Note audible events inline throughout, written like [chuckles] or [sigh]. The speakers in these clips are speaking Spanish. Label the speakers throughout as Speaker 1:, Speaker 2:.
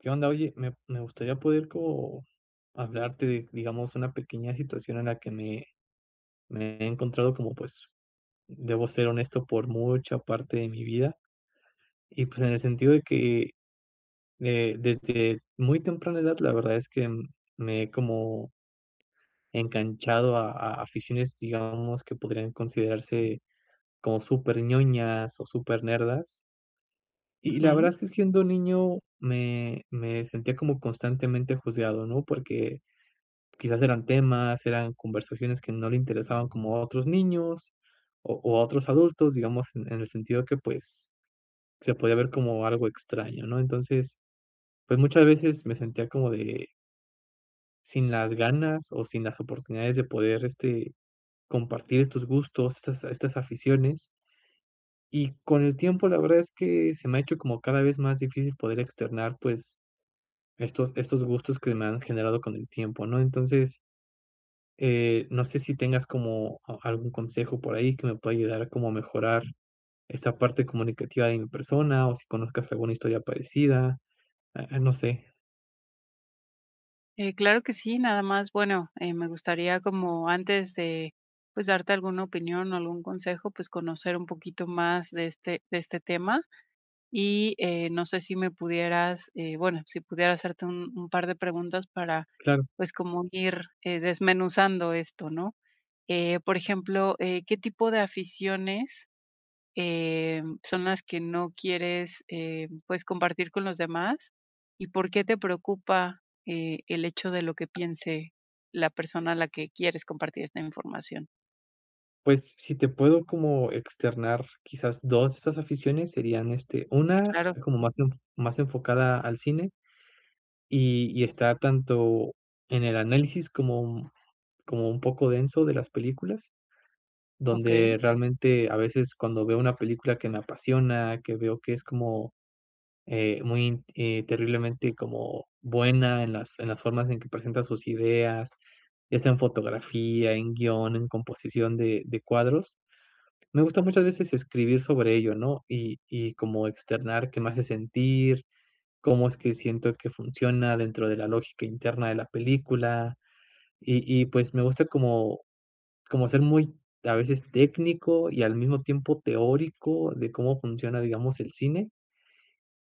Speaker 1: Qué onda, oye, me me gustaría, poder como hablarte de, digamos, una pequeña situación, en la que me me he encontrado, como, pues, debo ser honesto, por mucha parte de mi vida, y, pues, en el sentido, de que, eh, desde muy temprana edad, la verdad, es que me he como enganchado a a aficiones, digamos, que podrían considerarse, como súper ñoñas, o súper nerdas y la verdad,
Speaker 2: Ujú.
Speaker 1: es que siendo niño, me me sentía como constantemente juzgado, ¿no? Porque, quizás eran temas, eran conversaciones, que no le interesaban como a otros niños, o o a otros adultos, digamos, en en el sentido que, pues, se podía ver como algo extraño, ¿no? Entonces, pues, muchas veces me sentía como de sin las ganas, o sin las oportunidades de poder, este, compartir estos gustos, estas estas aficiones y con el tiempo, la verdad, es que se me ha hecho como cada vez más difícil, poder externar, pues, estos estos gustos, que me han generado con el tiempo, ¿no? Entonces, eh, no sé si tengas, como a algún consejo por ahí, que me pueda ayudar, a como mejorar esta parte comunicativa de mi persona, o si conozcas alguna historia parecida, ah ah, no sé.
Speaker 2: Eh, claro que sí, nada más, bueno, eh, me gustaría, como antes de pues, darte alguna opinión, o, algún consejo, pues, conocer un poquito más, de este de este tema. Y, eh, no sé, si me pudieras, eh, bueno, si pudiera hacerte un un par de preguntas para,
Speaker 1: Claro.
Speaker 2: pues, como ir, eh, desmenuzando esto, ¿no?, eh, por ejemplo, eh, ¿qué tipo de aficiones, em, son las que no quieres, eh, pues, compartir con los demás? ¿Y por qué te preocupa, eh, el hecho de lo que piense, la persona a la que quieres compartir esta información?
Speaker 1: Pues, si te puedo como externar, quizás 2 de estas aficiones, serían, este,
Speaker 2: Si,
Speaker 1: una
Speaker 2: claro.
Speaker 1: como más enf más enfocada al cine. Y y está, tanto en el análisis, como un como un poco denso de las películas,
Speaker 2: Okey.
Speaker 1: donde realmente a veces, cuando veo una película que me apasiona, que veo, que es como, eh, muy, int eh, terriblemente, como, buena, en las en las formas en que presenta sus ideas, ya sea en fotografía, en guión, en composición de de cuadros. Me gusta muchas veces escribir sobre ello, ¿no? Y y como externar, qué me hace sentir, cómo es que siento que funciona, dentro de la lógica interna de la película. Y y, pues, me gusta como como ser muy, a veces técnico y al mismo tiempo teórico de cómo funciona, digamos, el cine.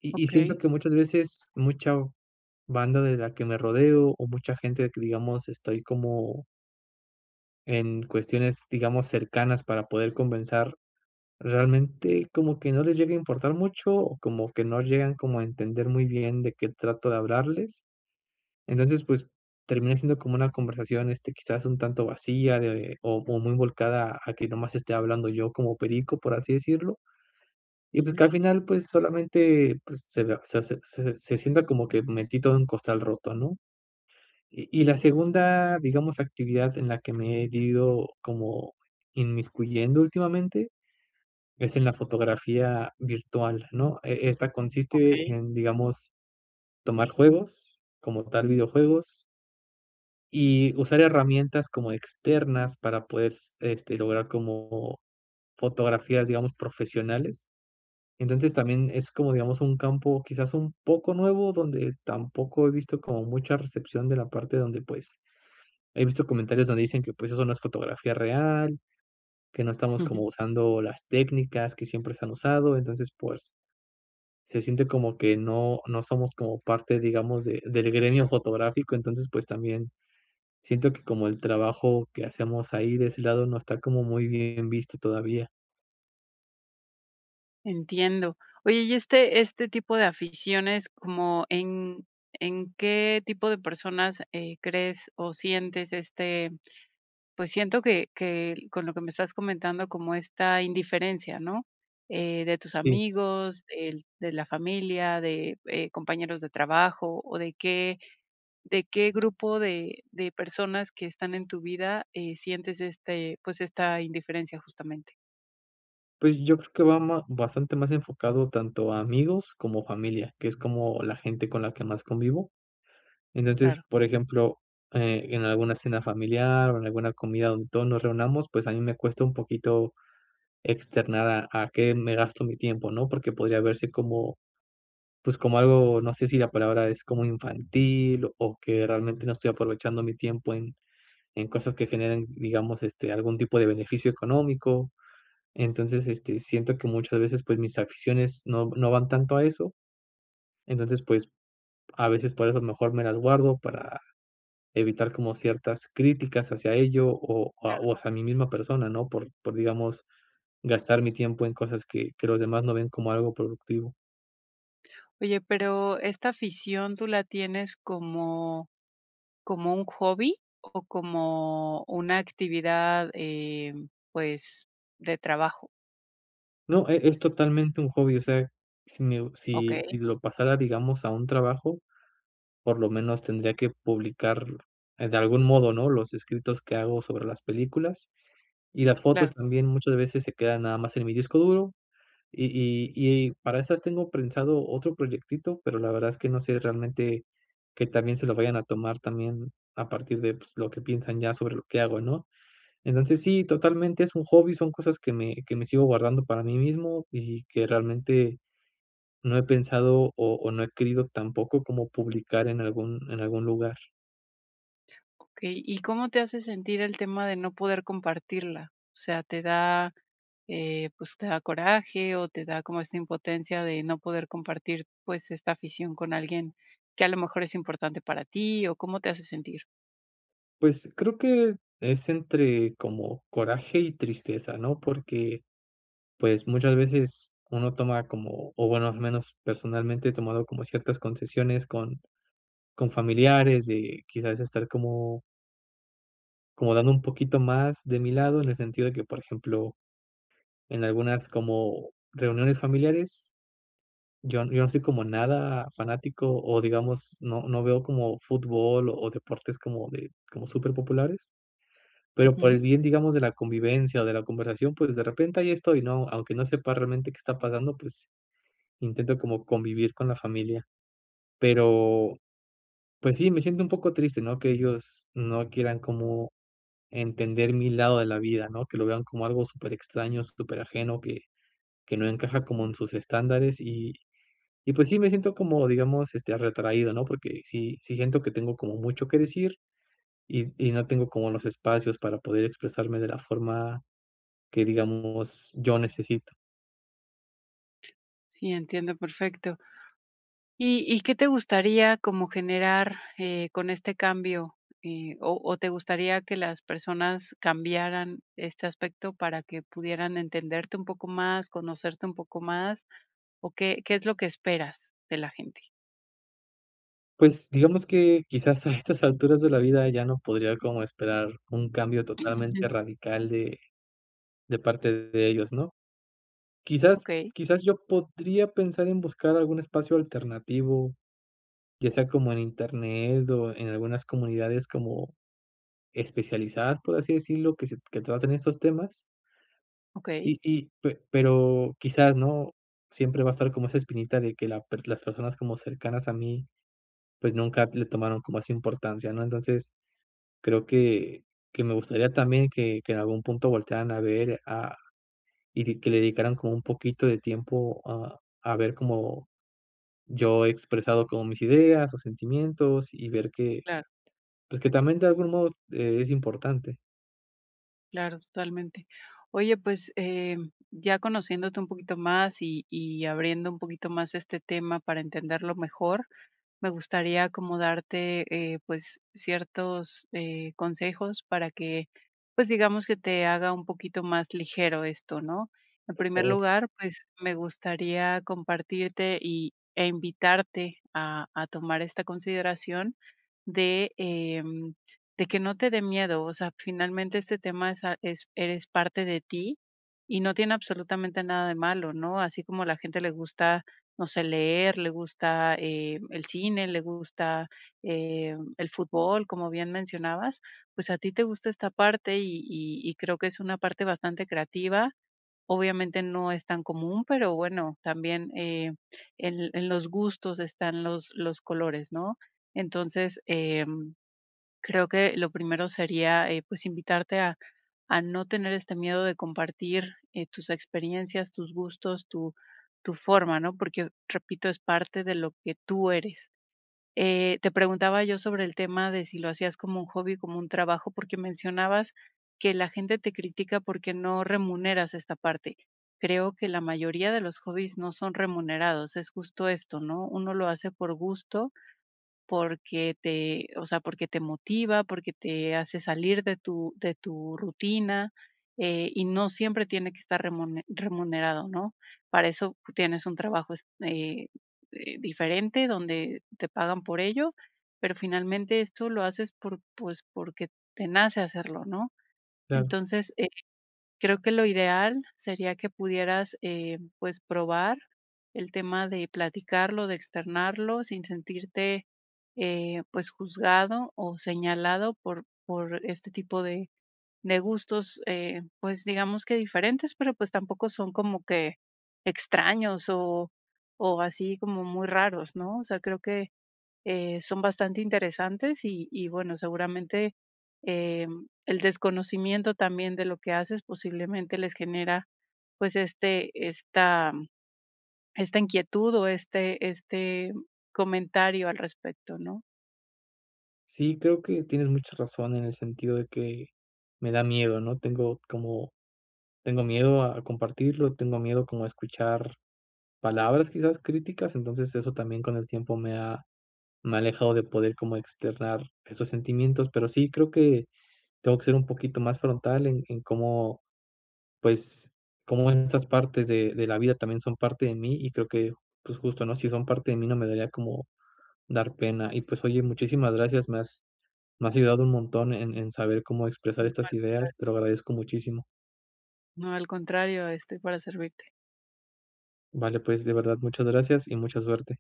Speaker 1: Y y siento
Speaker 2: Okey.
Speaker 1: que muchas veces, mucha banda de la que me rodeo, o mucha gente de que, digamos, estoy como en cuestiones, digamos, cercanas para poder conversar, realmente, como que no les llegue a importar mucho, o como que no llegan como a entender muy bien, de qué trato de hablarles. Entonces, pues, termina siendo como una conversación, este, quizás un tanto vacía de o muy volcada a que nomás esté hablando yo como perico, por así decirlo. Y, pues que
Speaker 2: Ujú.
Speaker 1: al final, pues, solamente, pues, se la se ace se se se sienta como que, metí todo en costal roto ¿no? Y y la segunda, digamos, actividad en la que me he ido, como inmiscuyendo últimamente, es en la fotografía virtual, ¿no?, e esta consiste
Speaker 2: Okey.
Speaker 1: en, digamos, tomar juegos, como tal videojuegos. Y usar herramientas como externas para poder, s este, lograr como fotografías digamos, profesionales. Entonces, también es como digamos, un campo, quizás un poco nuevo, donde tampoco he visto, como mucha recepción de la parte, donde, pues, he visto comentarios donde dicen que, pues, eso no es fotografía real, que no estamos como
Speaker 2: Ujú.
Speaker 1: usando, las técnicas que siempre se han usado. Entonces, pues. Se siente como que no no somos como parte, digamos, de del gremio fotográfico. Entonces, pues, también siento que, como el trabajo que hacemos ahí, de ese lado. No está como muy bien visto todavía.
Speaker 2: Entiendo, oye, y este este tipo de aficiones como en en qué tipo de personas, eh, crees o sientes, este, pues, siento que que, con lo que me estás comentando, como esta indiferencia, ¿no?, eh, de tus
Speaker 1: Sí.
Speaker 2: amigos, el de la familia, de, eh, compañeros de trabajo, o, ¿de qué de qué grupo de de personas que están en tu vida, eh, sientes, este, pues, esta indiferencia, justamente?
Speaker 1: Pues, yo creo que va ma bastante más enfocado tanto a amigos como familia, que es como la gente con la que más convivo. Entonces,
Speaker 2: Claro.
Speaker 1: por ejemplo, eh, en alguna cena familiar o en alguna comida donde todos nos reunamos, pues, a mí me cuesta un poquito externar a a qué me gasto mi tiempo, ¿no?, porque podría verse como, pues, como algo, no sé si la palabra es como infantil o que realmente no estoy aprovechando mi tiempo en en cosas que generen, digamos, este, algún tipo de beneficio económico, entonces, este, siento que muchas veces, pues, mis aficiones no no van tanto a eso, entonces, pues, a veces por eso mejor me las guardo para evitar como ciertas críticas hacia ello o
Speaker 2: Claro.
Speaker 1: o hacia mí misma persona, ¿no?, por por, digamos, gastar mi tiempo en cosas que que los demás no ven como algo productivo.
Speaker 2: Oye, pero esta afición, ¿tú la tienes como como un hobby? ¿O como una actividad, eh, mm, pues, de trabajo?
Speaker 1: No, e es totalmente un hobby, o sea, si me si si
Speaker 2: Okey.
Speaker 1: lo pasara, digamos, a un trabajo, por lo menos tendría que publicar, eh, de algún modo, ¿no? Los escritos que hago sobre las películas, y las fotos
Speaker 2: Claro.
Speaker 1: también muchas veces se quedan nada más en mi disco duro. Y y y para esas tengo prensado otro proyectito, pero la verdad es que no sé realmente, qué tan bien se lo vayan a tomar también, a partir de, pues, lo que piensan ya sobre lo que hago, ¿no? Entonces, sí, totalmente es un hobby, son cosas que me que me sigo guardando para mí mismo, y que realmente no he pensado, o o, no he querido tampoco como publicar en algún en algún lugar.
Speaker 2: Okey. ¿Y cómo te hace sentir el tema de no poder compartirla? O sea, ¿te da, eh, pues, te da coraje, o te da como esta impotencia de no poder compartir, pues, esta afición con alguien que a lo mejor es importante para ti, o cómo te hace sentir?
Speaker 1: Pues creo que, es entre como coraje y tristeza, ¿no? Porque pues, muchas veces, uno toma como, o bueno, al menos personalmente, he tomado como ciertas concesiones con, con familiares, eh, y quizás estar como como dando un poquito más de mi lado en el sentido de que por ejemplo, en algunas como reuniones familiares, yo yo no soy como nada fanático, o digamos no no veo como fútbol o deportes como de, como súper populares, pero por el
Speaker 2: Ujú.
Speaker 1: bien digamos de la convivencia o de la conversación pues de repente ahí estoy, ¿no? Aunque no sepa realmente que está pasando pues, intento como convivir con la familia. Pero, pues, sí, me siento un poco triste, ¿no? Que ellos no quieran como, entender mi lado de la vida, ¿no? Que lo vean como algo súper extraño, súper ajeno, que, que no encaja como en sus estándares, y, y pues, sí, me siento como digamos, este, retraído, ¿no? Porque sí sí siento que tengo como mucho que decir y y no tengo como los espacios para poder expresarme de la forma que digamos, yo necesito.
Speaker 2: Sí, entiendo perfecto. ¿Y y qué te gustaría como generar, eh, con este cambio? Eh, ¿O o te gustaría que las personas cambiaran este aspecto para que pudieran entenderte un poco más, conocerte un poco más? ¿O qué qué es lo que esperas de la gente?
Speaker 1: Pues digamos que quizás a estas alturas de la vida ya no podría como esperar un cambio totalmente
Speaker 2: [chuckles]
Speaker 1: radical de de parte de ellos, ¿no?, quizás
Speaker 2: Okey.
Speaker 1: quizás yo podría pensar en buscar algún espacio alternativo, ya sea como en Internet o en algunas comunidades como, especializadas, por así decirlo, que sec que traten estos temas.
Speaker 2: Okey.
Speaker 1: Y y pe pero quizás, ¿no?, siempre va a estar como esa espinita de que la per las personas como cercanas a mí pues nunca t le tomaron como esa importancia, ¿no?, entonces creo que que me gustaría también que que en algún punto voltearan a ver a y di que le dedicaran como un poquito de tiempo a a ver como yo he expresado como mis ideas o sentimientos y ver que
Speaker 2: Claro.
Speaker 1: pues que también de algún modo e es importante.
Speaker 2: Claro, totalmente. Oye, pues, eh, ya conociéndote un poquito más, y y abriendo un poquito más este tema para entenderlo mejor, me gustaría acomodarte, eh, pues, ciertos, eh, consejos para que, pues, digamos que te haga un poquito más ligero esto, ¿no? En
Speaker 1: Por
Speaker 2: primer
Speaker 1: favor.
Speaker 2: lugar, pues, me gustaría compartirte, y, eh, invitarte a a tomar esta consideración de, eh, de que no te dé miedo. O sea, finalmente este tema es es eres parte de ti y no tiene absolutamente nada de malo, ¿no? Así como a la gente le gusta, no sé, leer, le gusta, eh, el cine, le gusta, eh, el fútbol, como bien mencionabas, pues, a ti te gusta esta parte, y y y creo que es una parte bastante creativa. Obviamente, no es tan común, pero bueno, también, eh, en en los gustos están los los colores, ¿no? Entonces, eh, creo que lo primero sería, eh, pues, invitarte a a no tener este miedo de compartir, eh, tus experiencias, tus gustos, tu tu forma, ¿no? Porque, repito, es parte de lo que tú eres. Eh, te preguntaba yo sobre el tema de si lo hacías como un hobby, como un trabajo, porque mencionabas que la gente te critica, porque no remuneras esta parte. Creo que la mayoría de los hobbies no son remunerados, es justo esto, ¿no? Uno lo hace por gusto, porque te o sea, porque te motiva, porque te hace salir de tu de tu rutina, eh, y no siempre tiene que estar remune remunerado, ¿no? Para eso tienes un trabajo, eh eh, diferente, donde te pagan por ello, pero finalmente esto lo haces por, pues, porque te nace hacerlo, ¿no?
Speaker 1: Claro.
Speaker 2: Entonces, eh, creo que lo ideal sería que pudieras, eh, pues, probar el tema de platicarlo, de externarlo sin sentirte, eh, pues, juzgado o señalado por por este tipo de de gustos, eh, pues, digamos que diferentes, pero, pues, tampoco son como que extraños, o o, así como muy raros, ¿no? O sea, creo que, eh, son bastante interesantes, y y bueno, seguramente, eh, el desconocimiento también de lo que haces posiblemente les genera, pues, este esta, esta inquietud, o, este este, comentario al respecto, ¿no?
Speaker 1: Sí, creo que tienes mucha razón en el sentido de que me da miedo, ¿no? Tengo como tengo miedo a compartirlo, tengo miedo como a escuchar palabras, quizás, críticas. Entonces eso también con el tiempo me ha alejado de poder como externar esos sentimientos, pero sí creo que tengo que ser un poquito más frontal en en cómo, pues, cómo en estas partes de-de la vida también son parte de m,í y creo que, pues justo, ¿no? Si son parte de mí no me daría como dar pena. Y pues, oye muchísimas gracias me has me has ayudado un montón en en saber cómo expresar estas
Speaker 2: [unintelligible]
Speaker 1: ideas te lo agradezco muchísimo.
Speaker 2: No, al contrario, estoy para servirte.
Speaker 1: Vale, pues, de verdad muchas gracias y mucha suerte.